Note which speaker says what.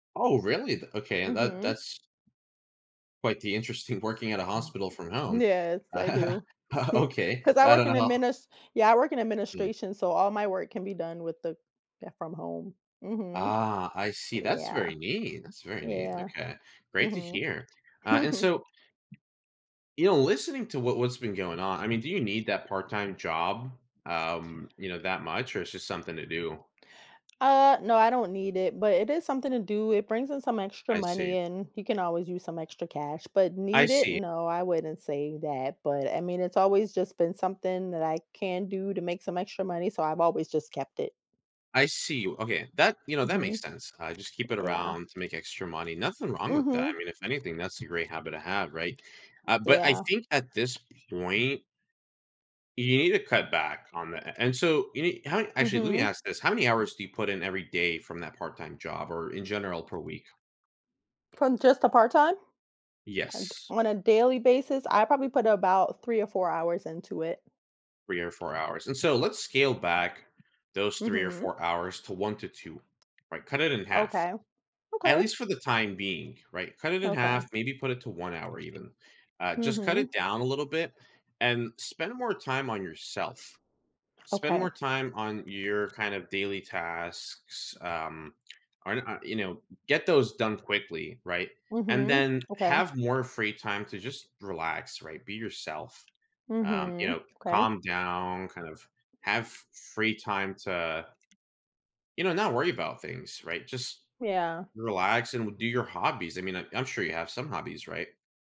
Speaker 1: Oh, really? The Okay, and that
Speaker 2: Mhm.
Speaker 1: that's quite the interesting working at a hospital, from home.
Speaker 2: Yes, I do.
Speaker 1: Okay.
Speaker 2: 'Cause I
Speaker 1: I
Speaker 2: work in
Speaker 1: don't know.
Speaker 2: adminis Yeah, I work in
Speaker 1: Hmm.
Speaker 2: administration, so all my work can be done with the Yeah, from home. Mhm.
Speaker 1: Ah, I see, that's
Speaker 2: Yeah.
Speaker 1: very neat, that's very neat.
Speaker 2: Yeah.
Speaker 1: Okay. Great to
Speaker 2: Mhm.
Speaker 1: hear. Uh, and so, you know, listening to what what's been going on I mean, do you need that part-time job, um, you know, that much, or it's just something to do?
Speaker 2: Uh, no, I don't need it, but it is something to do. It brings in some extra
Speaker 1: I
Speaker 2: money,
Speaker 1: see.
Speaker 2: and you can always use some extra cash. But
Speaker 1: I
Speaker 2: need it?
Speaker 1: see.
Speaker 2: No, I wouldn't say that, but, I mean, it's always just been something that I can do to make some extra money, so I've always just kept it.
Speaker 1: I see, you Okay. That You know, that
Speaker 2: Mhm.
Speaker 1: makes sense, uh, just keep it
Speaker 2: Yeah.
Speaker 1: around to make extra money. Nothing wrong with that, I
Speaker 2: Mhm.
Speaker 1: mean, if anything, that's a great habit to have, right? Uh, but I
Speaker 2: Yeah.
Speaker 1: think at this point you need to cut back on that, a and so you need How many Actually, let me
Speaker 2: Mhm.
Speaker 1: ask this, how many hours do you put in every day from that part-time job, or in general, per week?
Speaker 2: From just a part-time? uh And
Speaker 1: Yes.
Speaker 2: on a daily basis, I probably put about 3 or 4 hours into it.
Speaker 1: 3 or 4 hours. And so, let's scale back those 3 or
Speaker 2: Mhm.
Speaker 1: 4 hours to 1 to 2, right? Cut it in half.
Speaker 2: Okay.
Speaker 1: At
Speaker 2: Okay.
Speaker 1: least for the time being, right? Cut it in
Speaker 2: Okay.
Speaker 1: half, maybe put it to 1 hour even. Uh, just cut it
Speaker 2: Mhm.
Speaker 1: down a little bit, and spend more time on yourself. Spend
Speaker 2: Okay.
Speaker 1: more time on your, kind of, daily tasks, um Aren't I you know, g get those done quickly, right? And
Speaker 2: Mhm,
Speaker 1: then,
Speaker 2: okay.
Speaker 1: have more free time to just relax, right? Be yourself, um, you
Speaker 2: Mhm,
Speaker 1: know,
Speaker 2: okay.
Speaker 1: calm down, kind of have free time to you know, not worry about things, right? Just
Speaker 2: Yeah.
Speaker 1: relax, and w do your hobbies, I mean, I'm I'm sure you have some hobbies, right?